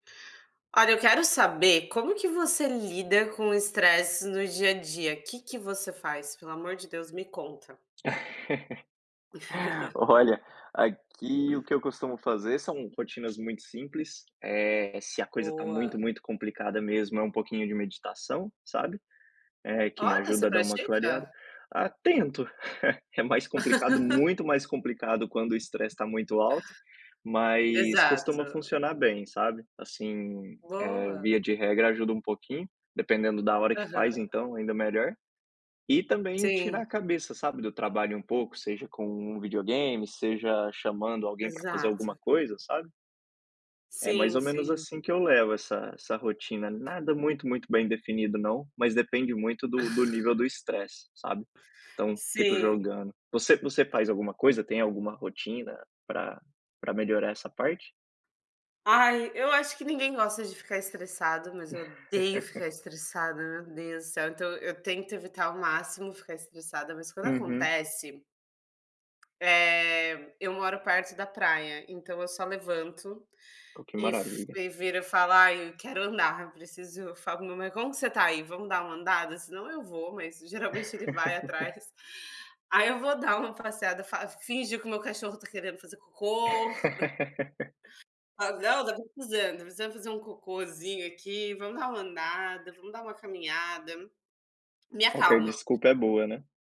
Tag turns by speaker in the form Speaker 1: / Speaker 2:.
Speaker 1: Olha, eu quero saber como que você lida com o estresse no dia a dia, o que que você faz, pelo amor de Deus, me conta.
Speaker 2: Olha, aqui o que eu costumo fazer são rotinas muito simples, eh, se a coisa está muito,
Speaker 1: Boa.
Speaker 2: muito complicada mesmo, é um pouquinho de meditação, sabe, eh, que me
Speaker 1: Olha, você
Speaker 2: ajuda a dar uma clareada,
Speaker 1: pratica?
Speaker 2: ah, tento, é mais complicado, muito mais complicado quando o estresse está muito alto, mas costuma
Speaker 1: Exato.
Speaker 2: funcionar bem, sabe, assim, eh,
Speaker 1: Boa.
Speaker 2: via de regra, ajuda um pouquinho, dependendo da hora que faz
Speaker 1: Aham.
Speaker 2: então, ainda melhor, e também
Speaker 1: Sim.
Speaker 2: tirar a cabeça, sabe, do trabalho um pouco, seja com um videogame, seja chamando alguém pra fazer alguma
Speaker 1: Exato.
Speaker 2: coisa, sabe. É mais
Speaker 1: Sim,
Speaker 2: ou menos
Speaker 1: sim.
Speaker 2: assim que eu levo essa essa rotina, nada muito, muito bem definido não, mas depende muito do do nível do estresse, sabe, então fico
Speaker 1: Sim.
Speaker 2: jogando. Você você faz alguma coisa, tem alguma rotina pra pra melhorar essa parte?
Speaker 1: Ai, eu acho que ninguém gosta de ficar estressado, mas eu odeio ficar estressada, meu Deus do céu, então eu tento evitar ao máximo ficar estressada, mas quando
Speaker 2: Uhum.
Speaker 1: acontece. Eh, eu moro perto da praia, então eu só levanto
Speaker 2: Pô, que
Speaker 1: e f
Speaker 2: maravilha.
Speaker 1: e viro e falo ai, quero andar, eu preciso eu falo pro meu marido como você está aí, vamos dar uma andada? Senão eu vou, mas geralmente ele vai atrás, aí eu vou dar uma passeada, fa finjo que o meu cachorro está querendo fazer cocô. Falo: "Não, deve tá precisando, precisa fazer um cocôzinho aqui, vamos dar uma andada, vamo dar uma caminhada", me
Speaker 2: Qualquer
Speaker 1: acalma.
Speaker 2: desculpa, é boa, né.